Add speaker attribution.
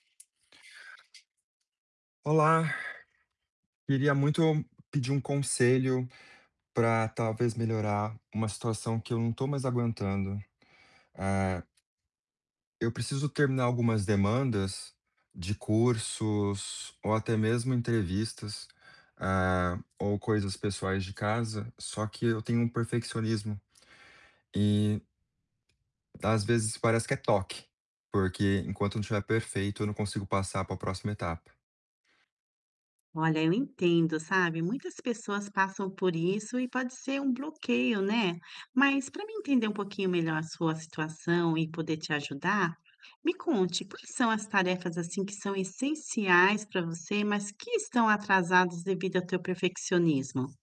Speaker 1: Olá. Queria muito pedir um conselho pra talvez melhorar uma situação que eu não estou mais aguentando. Eh, eu preciso terminar algumas demandas de cursos, ou até mesmo entrevistas, eh, ou coisas pessoais de casa, só que eu tenho um perfeccionismo. E às vezes, parece que é toque, porque enquanto não estiver perfeito eu não consigo passar para próxima etapa.
Speaker 2: Olha, eu entendo, sabe, muitas pessoas passam por isso e pode ser um bloqueio, né. Mas, pra mim entender um pouquinho melhor a sua situação e poder te ajudar, me conte, o que são as tarefas, assim, que são essenciais para você, mas que estão atrasadas devido ao teu perfeccionismo?